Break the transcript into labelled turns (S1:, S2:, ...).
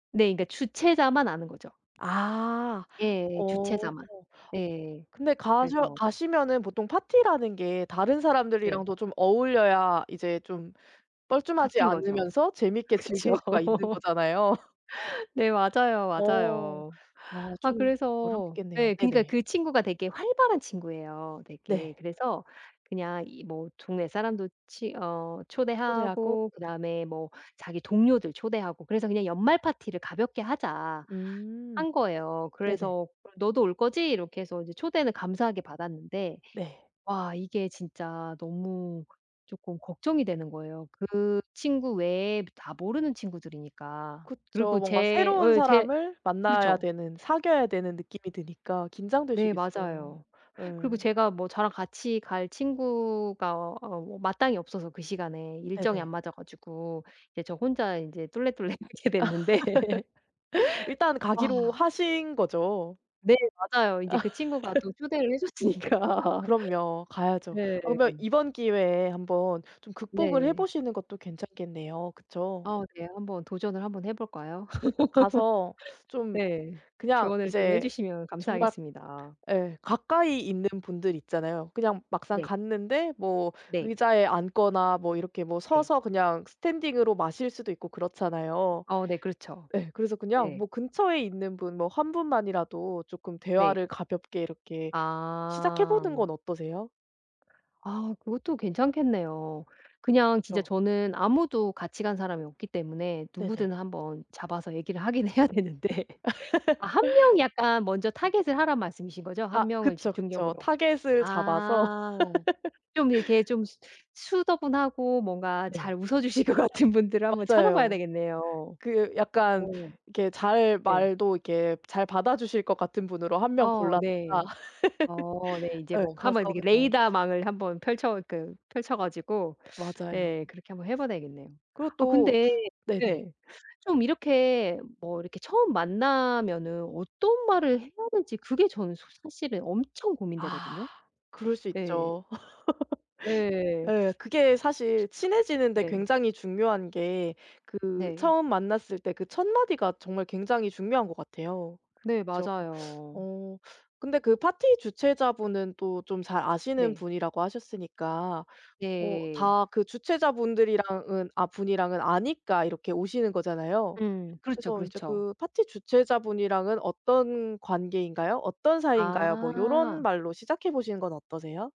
S1: 네. 근데 주최자만 아는 거죠.
S2: 아.
S1: 예
S2: 어
S1: 주최자만. 예.
S2: 근데 가셔
S1: 그래서
S2: 가시면은 보통 파티라는 게 다른
S1: 네.
S2: 사람들이랑도 좀 어울려야 이제 좀 뻘쭘하지
S1: 바뀐 거죠.
S2: 않으면서 재밌게
S1: 그쵸.
S2: 즐길 수가 있는 거잖아요.
S1: 네 맞아요,
S2: 어
S1: 맞아요.
S2: 아
S1: 아
S2: 좀
S1: 그래서
S2: 어렵겠네요.
S1: 예 그니까
S2: 네네.
S1: 그 친구가 되게 활발한 친구예요 되게
S2: 네.
S1: 그래서 그냥 이 뭐 동네 사람도 치 어
S2: 초대하고
S1: 초대하고 그다음에 뭐 자기 동료들 초대하고 그래서 그냥 "연말 파티를 가볍게 하자."
S2: 음
S1: 한 거예요.
S2: 네네.
S1: 그래서 "그럼 너도 올 거지?" 이렇게 해서 이제 초대는 감사하게 받았는데
S2: 네.
S1: 와 이게 진짜 너무 쪼끔 걱정이 되는 거예요. 그 친구 외에 다 모르는 친구들이니까. 그리고
S2: 그쵸. 뭔가
S1: 제
S2: 새로운
S1: 어 제
S2: 사람을 만나야
S1: 그렇죠.
S2: 되는 사귀어야 되는 느낌이 드니까
S1: 네
S2: 긴장되시겠어요.
S1: 맞아요. 그리고
S2: 예.
S1: 제가 뭐 저랑 같이 갈 친구가 어 뭐 마땅히 없어서 그 시간에 일정이 안
S2: 네네.
S1: 맞아 가지고 이제 저 혼자 인제 쫄래쫄래 가게 됐는데
S2: 일단
S1: 아.
S2: 가기로 하신 거죠?
S1: 네 맞아요. 인제
S2: 아.
S1: 그 친구가 또 초대를 해줬으니까.
S2: 그럼요. 가야죠.
S1: 네.
S2: 아 그러면 이번 기회에 한번 좀 극복을 해
S1: 네.
S2: 보시는 것도 괜찮겠네요. 그쵸?
S1: 어 네. 한번 도전을 한번 해 볼까요?
S2: 가서 좀
S1: 네
S2: 그냥
S1: 조언을 좀
S2: 이제
S1: 해주시면
S2: 정말
S1: 감사하겠습니다.
S2: 예 가까이 있는 분들 있잖아요. 그냥 막상
S1: 네.
S2: 갔는데 뭐
S1: 네.
S2: 의자에 앉거나 뭐 이렇게 뭐
S1: 네.
S2: 서서 그냥 스탠딩으로 마실 수도 있고 그렇잖아요.
S1: 어 네 그렇죠.
S2: 예 그래서 그냥 뭐
S1: 네.
S2: 근처에 있는 분 뭐 1 분만이라도 쪼끔
S1: 네.
S2: 대화를 가볍게 이렇게 시작해
S1: 아.
S2: 보는 건 어떠세요?
S1: 아 그것도 괜찮겠네요. 그냥 진짜
S2: 그쵸.
S1: 저는 아무도 같이 간 사람이 없기 때문에
S2: 네네.
S1: 누구든 한번 잡아서 얘기를 하긴 해야 되는데 아 1 명이 약간 먼저 target을 하란 말씀이신 거죠?
S2: 아
S1: 1 명을
S2: 그쵸 그쵸.
S1: 집중적으로
S2: 타겟을 잡아서
S1: 아 좀 이렇게 좀 수 수더분하고 뭔가
S2: 네.
S1: 잘 웃어주실 것 같은 분들을 한번 찾아봐야
S2: 맞아요.
S1: 되겠네요.
S2: 그 약간
S1: 어
S2: 이렇게 잘
S1: 네.
S2: 말도 이렇게 잘 받아주실 것 같은 분으로 1 명
S1: 어
S2: 골랐다.
S1: 네. 어 네. 인제
S2: 예
S1: 뭐
S2: 가서
S1: 한번 이
S2: 그냥
S1: 레이더망을 한번 펼쳐 그 펼쳐 가지고
S2: 맞아요.
S1: 네 그렇게 한번 해 봐야 되겠네요.
S2: 그리고
S1: 아
S2: 또
S1: 근데
S2: 네네.
S1: 네 좀 이렇게 뭐 이렇게 처음 만나면은 어떤 말을 해야 될지 그게 저는 소 사실은 엄청
S2: 아
S1: 고민되거든요.
S2: 그럴 수
S1: 네.
S2: 있죠.
S1: 예.
S2: 예 그게 사실 친해지는 데
S1: 네.
S2: 굉장히 중요한 게 그
S1: 네.
S2: 처음 만났을 때 그 첫마디가 정말 굉장히 중요한 것 같아요.
S1: 네
S2: 그죠?
S1: 맞아요.
S2: 어 근데 그 파티 주최자분은 또 좀 잘 아시는
S1: 네.
S2: 분이라고 하셨으니까 어
S1: 예.
S2: 다 그 주최자분들이랑은 아 분이랑은 아니까 이렇게 오시는 거잖아요.
S1: 음 그렇죠,
S2: 그래서 인제
S1: 그렇죠.
S2: 그 파티 주최자분이랑은 어떤 관계인가요? 어떤 사이인가요? 뭐 이런
S1: 아.
S2: 말로 시작해 보시는 건 어떠세요?